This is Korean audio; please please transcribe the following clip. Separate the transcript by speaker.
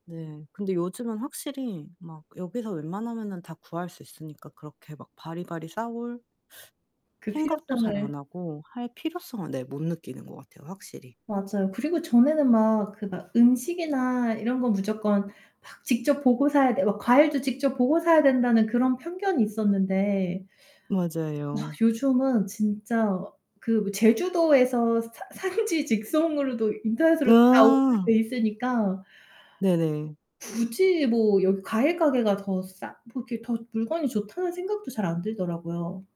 Speaker 1: 네. 근데 요즘은 확실히 막 여기서 웬만하면은 다 구할 수 있으니까 그렇게 막 바리바리 싸올
Speaker 2: 그
Speaker 1: 생각도 잘 안
Speaker 2: 필요성을
Speaker 1: 하고 할 필요성을 네 못 느끼는 것 같아요, 확실히.
Speaker 2: 맞아요. 그리고 전에는 막 그 막 '음식이나 이런 거 무조건 막 직접 보고 사야 되고 과일도 직접 보고 사야 된다.'는 그런 편견이 있었는데 아
Speaker 1: 맞아요.
Speaker 2: 요즘은 진짜 그 뭐 제주도에서 산 산지 직송으로도 인터넷으로 다
Speaker 1: 아.
Speaker 2: 오픈돼 있으니까
Speaker 1: 네네.
Speaker 2: 굳이 뭐 여기 과일 가게가 더 싸 뭐 이렇게 더 물건이 좋다는 생각도 잘 안 들더라고요.